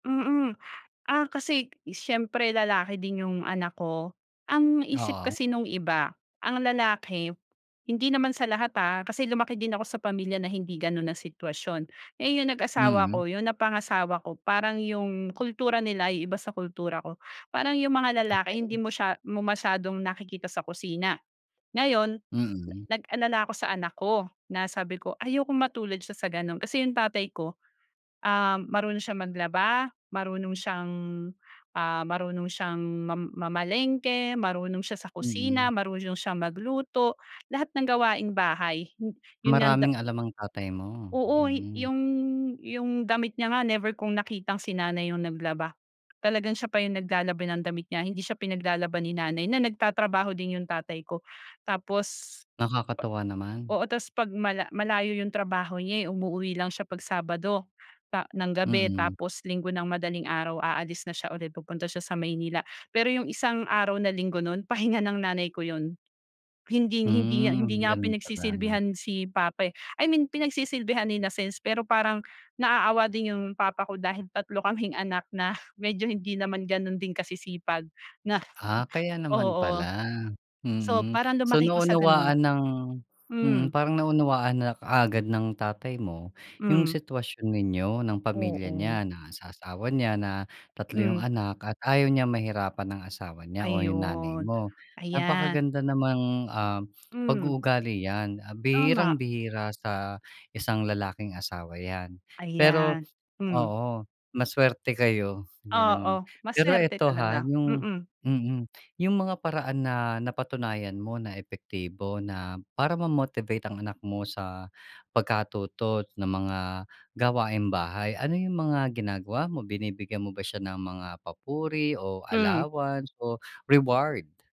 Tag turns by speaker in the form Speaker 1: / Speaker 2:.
Speaker 1: Mm. Ah, kasi siyempre lalaki din yung anak ko, ang isip
Speaker 2: Oo.
Speaker 1: kasi nung iba ang lalaki hindi naman sa lahat ha, kasi lumaki din ako sa pamilya na hindi gano'n ang sitwasyon. Eh, yung nag-asawa
Speaker 2: Mm.
Speaker 1: ako yung napangasawa ko parang yung kultura nila yung iba sa kultura ko. Parang yung mga lalaki hindi
Speaker 2: Okey.
Speaker 1: mo siya mo masyadong nakikita sa kusina. Ngayon
Speaker 2: Mm.
Speaker 1: nag-alala ako sa anak ko na sabi ko ayokong matulad siya sa gano'n, kasi yung tatay ko, ah, marunong siyang maglaba, marunong siyang, ah, marunong siyang mam mamalengke, marunong siya sa kusina,
Speaker 2: Mm.
Speaker 1: marunong siyang magluto, lahat ng gawaing bahay 'yon nga da
Speaker 2: Maraming alam ang tatay mo,
Speaker 1: Oo
Speaker 2: hmm.
Speaker 1: 'yong 'yong damit niya nga never kung nakitang si nanay yung naglaba, talagang siya pa yung naglalaba ng damit niya, hindi siya pinaglalaba ni nanay na nagtatrabaho din 'yong tatay ko. Tapos
Speaker 2: Nakakatuwa naman.
Speaker 1: oo, tapos 'pag mala malayo 'yong trabaho niya umuuwi lang siya pag Sabado, pa ng gabi
Speaker 2: Mm.
Speaker 1: tapos Linggo ng madaling araw aalis na siya ulit pupunta siya sa Maynila. Pero 'yong isang araw na Linggo no'n, pahinga ng nanay ko 'yon. Hinding-hindi, hindi
Speaker 2: Hmm,
Speaker 1: niya nga
Speaker 2: gano'n pala.
Speaker 1: pinagsisilbihan si papa, eh, I mean pinagsisilbihan in a sense, pero parang naaawa din yung papa ko dahil 3 kaming anak na medyo hindi naman gano'n ding kasisipag na
Speaker 2: Ah, kaya naman
Speaker 1: oo.
Speaker 2: pala,
Speaker 1: So
Speaker 2: mm.
Speaker 1: parang
Speaker 2: So
Speaker 1: lumaki ko sa gano'n.
Speaker 2: naunawaan ng mm,
Speaker 1: Hmm.
Speaker 2: parang naunawaan na kaagad ng tatay mo yung
Speaker 1: Hmm.
Speaker 2: sitwasyon ninyo ng pamilya
Speaker 1: Oo.
Speaker 2: niya na sa asawa niya na 3 yung
Speaker 1: Hmm.
Speaker 2: anak at ayaw niya mahirapan ng asawa niya o yung nanay
Speaker 1: Ayon,
Speaker 2: mo.
Speaker 1: ayan.
Speaker 2: Napakaganda namang, um,
Speaker 1: Hmm.
Speaker 2: pag-uugali 'yan, ah,
Speaker 1: Tama.
Speaker 2: bihirang-bihira sa isang lalaking asawa 'yan. Pero,
Speaker 1: Ayan, hmm.
Speaker 2: oo, masuwerte kayo gano'n,
Speaker 1: Oo,
Speaker 2: pero
Speaker 1: masuwerte
Speaker 2: ito, ha,
Speaker 1: talaga,
Speaker 2: yung
Speaker 1: mm.
Speaker 2: mm, yung mga paraan na napatunayan mo na epektibo na para mamotivate ang anak mo sa pagkatuto ng mga gawaing-bahay, ano yung mga ginagawa mo, binibigyan mo ba siya ng mga papuri o
Speaker 1: Hmm.
Speaker 2: allowance o reward?